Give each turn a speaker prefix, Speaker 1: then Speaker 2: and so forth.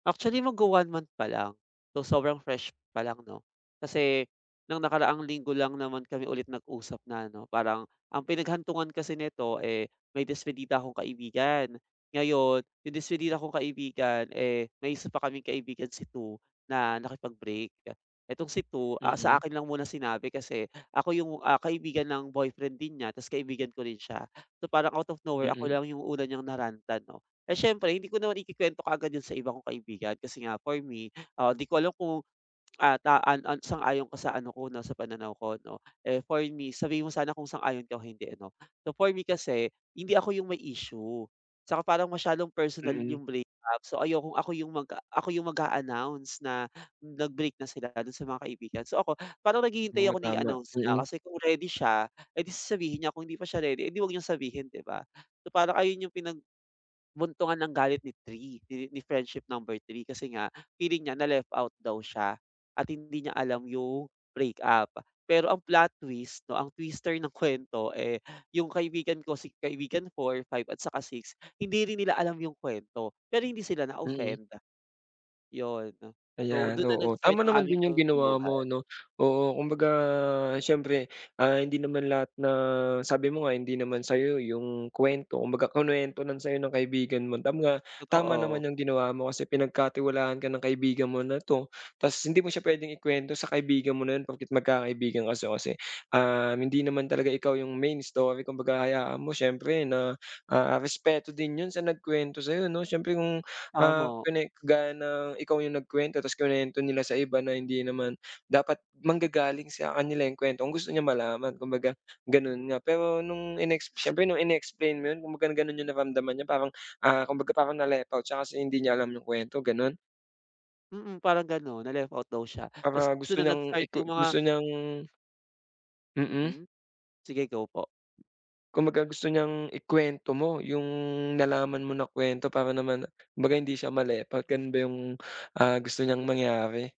Speaker 1: Actually, magwa-one month palang, so sobrang fresh palang, 'no? Kasi nung nakaraang linggo lang naman kami ulit nag-usap na ano, parang ang pinaghantungan kasi nito, eh, may despedida akong kaibigan. Ngayon, yung despidida kong kaibigan eh, may 1 pa kaming kaibigan si 2 na nakipag-break. Etong si 2, ah, sa
Speaker 2: Mm.
Speaker 1: akin lang muna sinabi kasi ako yung, ah, kaibigan ng boyfriend din niya ta's kaibigan ko rin siya. So, parang out of nowhere ako
Speaker 2: Mm.
Speaker 1: lang yung una niyang na-rant-an, 'no? Eh, siyempre hindi ko naman ikikwento kaagad yun sa iba kong kaibigan kasi nga for me, ah, 'di ko alam kung at ah, an an sang-ayon ka sa ano ko 'no, sa pananaw ko 'no? Eh, for me, sabihin mo sana kung sang-ayon ka o hindi, ano? So, for me kasi hindi ako yung may issue tsaka parang masyadong personal
Speaker 2: Mm.
Speaker 1: yung breakup. So, ayokong ako yung mag-a ako yung mag-a-announce na nag-break na sila dun sa mga kaibigan. So, ako, parang naghihintay
Speaker 2: Oo,
Speaker 1: ako na
Speaker 2: tama.
Speaker 1: i-announce niya
Speaker 2: Mm.
Speaker 1: kasi kung ready siya, eh, di sasabihin niya, kung hindi pa siya ready, eh, 'di 'wag niyang sabihin, 'di ba? So, parang ayun yung pinagbuntungan ng galit ni 3, ni friendship number 3, kasi nga feeling nya na left out daw siya at hindi niya alam yung breakup. Pero ang plot twist 'no, ang twister ng kwento eh, yung kaibigan ko si kaibigan 4, 5 at saka 6, hindi rin nila alam yung kwento, pero hindi sila
Speaker 2: Mm.
Speaker 1: na-offend, yun. So,
Speaker 2: Ayan,
Speaker 1: dun na
Speaker 2: oo,
Speaker 1: nag-start
Speaker 2: tama
Speaker 1: ang
Speaker 2: naman
Speaker 1: aming
Speaker 2: din yung ginawa mo,
Speaker 1: kaguluhan.
Speaker 2: 'no? Oo, kumbaga siyempre, ah, hindi naman lahat na sabi mo nga, hindi naman sa'yo yung kwento kumbaga kinwento lang sa'yo ng kaibigan mo, tam nga, tama naman
Speaker 1: Totoo.
Speaker 2: yung ginawa mo kasi pinagkatiwalaan ka ng kaibigan mo na 'to tas hindi mo siya pwedeng ikwento sa kaibigan mo na yun porket magkakaibigan kayo kasi, ah, hindi naman talaga ikaw yung main story kumbaga hayaan mo siyempre na, ah, respeto din yun sa nagkwento sa'yo, 'no? Siyempre kung, ah,
Speaker 1: Tama.
Speaker 2: kwine gaya ng ikaw yung nagkwento tas kinwento nila sa iba na hindi naman dapat manggagaling sa kanila yung kwento kung gusto niya malaman kumbaga gano'n nga. Pero nung inex siyempre nung in-explain mo yun kung baga gano'n yung naramdaman niya parang, ah, kumbaga parang na-left out siya kasi hindi niya alam yung kwento, gano'n?
Speaker 1: Mm, parang ganun, na-left out daw siya tas
Speaker 2: Para gusto
Speaker 1: dun na
Speaker 2: niyang
Speaker 1: nag-start
Speaker 2: iku
Speaker 1: yung mga
Speaker 2: gusto niyang Mm.
Speaker 1: Mm, sige, go po.
Speaker 2: Kumbaga gusto niyang ikwento mo yung nalaman mo na kwento para naman kumbaga hindi siya ma-left out, ganun ba yung, ah, gusto niyang mangyari?